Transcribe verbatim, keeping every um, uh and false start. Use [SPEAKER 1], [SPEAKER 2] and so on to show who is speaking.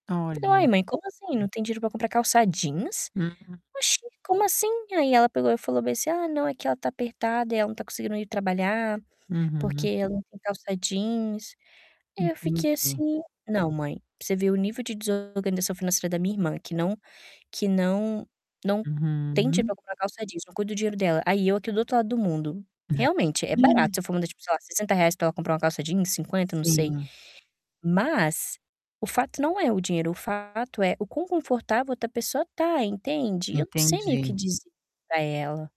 [SPEAKER 1] Falei: "Uai,
[SPEAKER 2] Olha.
[SPEAKER 1] mãe como assim, não tem dinheiro pra comprar calça jeans?
[SPEAKER 2] Uhum.
[SPEAKER 1] Oxe, como assim?" Aí ela pegou e falou bem assim: "Ah, não, é que ela tá apertada e ela não tá conseguindo ir trabalhar, porque
[SPEAKER 2] Uhum.
[SPEAKER 1] ela não tem calça jeans", aí eu fiquei
[SPEAKER 2] Entendi.
[SPEAKER 1] assim, "Não, mãe", pra você ver o nível de desorganização financeira da minha irmã que não que não não tem
[SPEAKER 2] Uhum.
[SPEAKER 1] tipo uma calça jeans, não cuida do dinheiro dela, aí eu aqui do outro lado do mundo. Realmente, é barato, se eu for manda, tipo, sei lá, sessenta reais pra ela comprar uma calça jeans, cinquenta, não sei.
[SPEAKER 2] Sim.
[SPEAKER 1] Mas o fato não é o dinheiro, o fato é o quão confortável a outra pessoa tá, entende? E eu não sei meio que
[SPEAKER 2] Entendi.
[SPEAKER 1] dizer para ela.